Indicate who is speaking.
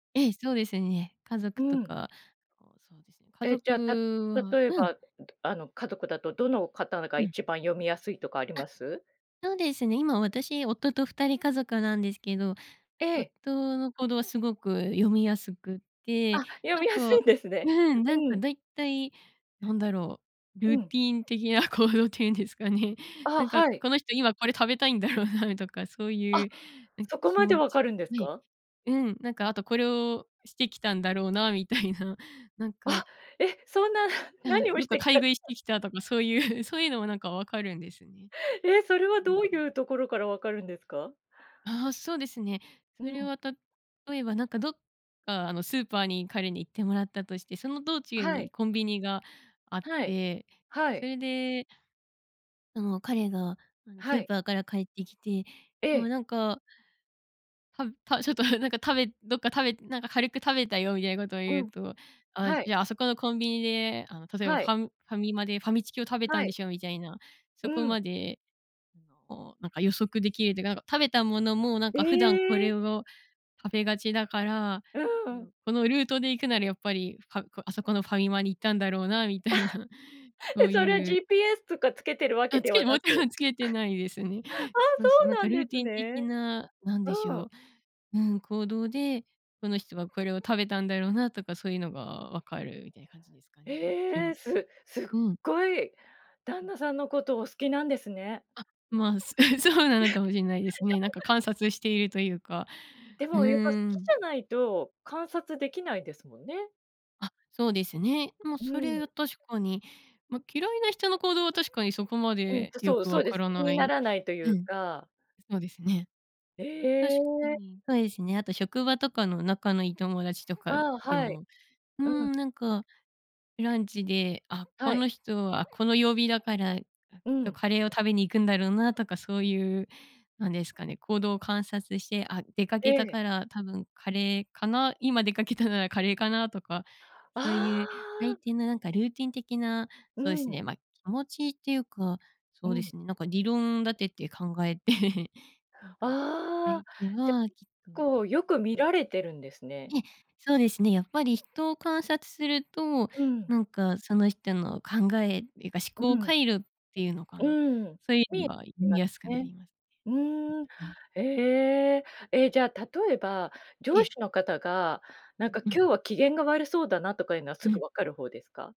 Speaker 1: ええ、そうですね。家
Speaker 2: うー
Speaker 1: 族と
Speaker 2: ん。
Speaker 1: か、こう、そうですね、家
Speaker 2: え、じゃ、た
Speaker 1: 族は
Speaker 2: 例え
Speaker 1: うん。
Speaker 2: ば、ん、どあの、家族だと、どの方が
Speaker 1: うん。
Speaker 2: 一番読みやすいとかありま
Speaker 1: あ、
Speaker 2: す？
Speaker 1: そうですね。今私、夫と2人家族なんですけど、
Speaker 2: ええ。
Speaker 1: 夫の行動はすごく読みやすくっ
Speaker 2: あ、
Speaker 1: て、
Speaker 2: 読
Speaker 1: なん
Speaker 2: みやす
Speaker 1: か、
Speaker 2: いんですね。
Speaker 1: うん、なん
Speaker 2: う
Speaker 1: か、
Speaker 2: ん。
Speaker 1: 大体なんだろう、ル
Speaker 2: う
Speaker 1: ーテ
Speaker 2: ん。
Speaker 1: ィーン的な行動っていうんですかね。な
Speaker 2: あ、
Speaker 1: んか、
Speaker 2: はい。
Speaker 1: この人、今これ食べたいんだろうなとか、そうい
Speaker 2: あ、
Speaker 1: う、なんか、
Speaker 2: そこ
Speaker 1: 気
Speaker 2: まで
Speaker 1: 持
Speaker 2: 分か
Speaker 1: ち、
Speaker 2: るんです
Speaker 1: はい
Speaker 2: か？
Speaker 1: うん、なんか、あと、これをしてきたんだろうなみたいな、なんか
Speaker 2: あ、え、そんな
Speaker 1: な
Speaker 2: 何を
Speaker 1: ど
Speaker 2: し
Speaker 1: っか
Speaker 2: てき
Speaker 1: 買
Speaker 2: た
Speaker 1: い
Speaker 2: か
Speaker 1: 食いしてきたとか、そういう、そういうのも、なんか、分かるんですね。
Speaker 2: ええ、それは、
Speaker 1: うんう
Speaker 2: どう
Speaker 1: ん。
Speaker 2: いうところから分かるんですか？
Speaker 1: ああ、そうですね。
Speaker 2: う
Speaker 1: それ
Speaker 2: ん。
Speaker 1: は例えば、なんか、どっか、あの、スーパーに彼に行ってもらったとして、その道中
Speaker 2: は
Speaker 1: に
Speaker 2: い。
Speaker 1: コンビニがあっ
Speaker 2: はい。
Speaker 1: て、
Speaker 2: は
Speaker 1: そ
Speaker 2: い。
Speaker 1: れであの、彼が、あの、
Speaker 2: は
Speaker 1: スー
Speaker 2: い。
Speaker 1: パーから帰ってきて、
Speaker 2: え
Speaker 1: もう、
Speaker 2: え。
Speaker 1: なんかたたちょっと、なんか、たべどっか食べなんか「軽く食べたよ」みたいなことを
Speaker 2: う
Speaker 1: 言う
Speaker 2: ん。
Speaker 1: と、あ、
Speaker 2: はい。
Speaker 1: じゃあ、あそこのコンビニで、あの、例えば
Speaker 2: は
Speaker 1: フ
Speaker 2: い。
Speaker 1: ァンファミマでファミチキを食べた
Speaker 2: は
Speaker 1: んで
Speaker 2: い。
Speaker 1: しょうみたいな、
Speaker 2: う
Speaker 1: そこ
Speaker 2: ん。
Speaker 1: まで、あの、なんか、予測できるって、なんか、食べたものも、なんか、普段こ
Speaker 2: ええ。
Speaker 1: れを食べがちだから、あ
Speaker 2: うーん。
Speaker 1: の、このルートで行くならやっぱり、ファこあそこのファミマに行ったんだろうなみたいな、そ
Speaker 2: え、
Speaker 1: う
Speaker 2: それ
Speaker 1: いう
Speaker 2: GPS とかつけてるわけ
Speaker 1: あ、つ
Speaker 2: で
Speaker 1: け
Speaker 2: は
Speaker 1: ても
Speaker 2: な
Speaker 1: ちろ
Speaker 2: く。
Speaker 1: んつけて ないですね。
Speaker 2: ああ、
Speaker 1: そ
Speaker 2: そ
Speaker 1: うそう。なん
Speaker 2: うな
Speaker 1: か
Speaker 2: ん
Speaker 1: ル
Speaker 2: で
Speaker 1: ーテ
Speaker 2: す
Speaker 1: ィン的
Speaker 2: ね。
Speaker 1: な、なんでし
Speaker 2: うー
Speaker 1: ょ
Speaker 2: ん。
Speaker 1: う、うん、行動で、この人はこれを食べたんだろうなとか、そういうのが分かるみたいな感じですかね。き
Speaker 2: ええ、
Speaker 1: む
Speaker 2: すすっ
Speaker 1: うん。
Speaker 2: ごい旦
Speaker 1: うん。
Speaker 2: 那さんのこと、お好きなんですね。
Speaker 1: あ、まあ、そうなのかもしんない ですね。なんか、観察しているというか、
Speaker 2: で
Speaker 1: う
Speaker 2: もやっぱ好き
Speaker 1: ーん。
Speaker 2: じゃないと、観察できないですもんね。
Speaker 1: あ、そうですね。ま、
Speaker 2: うー
Speaker 1: それ
Speaker 2: ん。
Speaker 1: は確かに。ま、嫌いな人の行動は確かにそこま
Speaker 2: うん、
Speaker 1: で
Speaker 2: と、
Speaker 1: よ
Speaker 2: そう、
Speaker 1: く
Speaker 2: そう
Speaker 1: 分
Speaker 2: で
Speaker 1: か
Speaker 2: す。
Speaker 1: ら
Speaker 2: 気
Speaker 1: な
Speaker 2: にな
Speaker 1: い
Speaker 2: らないとい
Speaker 1: う
Speaker 2: う
Speaker 1: ん、
Speaker 2: か。
Speaker 1: そうですね。
Speaker 2: え
Speaker 1: 確か
Speaker 2: え。
Speaker 1: に。そうですね。あと職場とかの仲の良い友達とか
Speaker 2: ああ、
Speaker 1: で
Speaker 2: はい。
Speaker 1: も、うー
Speaker 2: うん。
Speaker 1: ん、なんか、ランチで「あ、こ
Speaker 2: はい。
Speaker 1: の人はこの曜日だから、きっ
Speaker 2: う
Speaker 1: と
Speaker 2: ん。
Speaker 1: カレーを食べに行くんだろうな」とか、そういう、なんですかね、行動を観察して「あ、出か
Speaker 2: え
Speaker 1: けた
Speaker 2: え。
Speaker 1: から多分カレーかな」「今出かけたならカレーかな」とか、
Speaker 2: あ
Speaker 1: そういう相
Speaker 2: あ。
Speaker 1: 手の、なんかルーティン的な、
Speaker 2: うー
Speaker 1: そうです
Speaker 2: ん。
Speaker 1: ね、ま、気持ちっていうか、
Speaker 2: う
Speaker 1: そうで
Speaker 2: ん。
Speaker 1: すね、なんか理論立てて考えて なんか、
Speaker 2: あ
Speaker 1: 相
Speaker 2: あ、
Speaker 1: 手
Speaker 2: じゃ、
Speaker 1: はきっと
Speaker 2: こ
Speaker 1: う
Speaker 2: う、よく見
Speaker 1: ん。
Speaker 2: られてるんですね。
Speaker 1: ええ、そうですね、やっぱり人を観察すると、
Speaker 2: うん。
Speaker 1: なんか、その人の考えっていうか、
Speaker 2: うう
Speaker 1: 思考
Speaker 2: ん。
Speaker 1: 回路っていうのか
Speaker 2: う
Speaker 1: な、
Speaker 2: ーん。
Speaker 1: そういう
Speaker 2: 見え
Speaker 1: のは
Speaker 2: てま
Speaker 1: 見
Speaker 2: す
Speaker 1: やすくな
Speaker 2: ね。
Speaker 1: りますね。
Speaker 2: うーん。
Speaker 1: うんうん。
Speaker 2: へえ。え、じゃあ、例えば
Speaker 1: え
Speaker 2: 上司
Speaker 1: え。
Speaker 2: の方が、
Speaker 1: う
Speaker 2: なん
Speaker 1: ん
Speaker 2: か
Speaker 1: うん。
Speaker 2: 今日は機嫌が悪そうだなとかいうのはす
Speaker 1: う
Speaker 2: ぐ
Speaker 1: ん。
Speaker 2: わかる方ですか？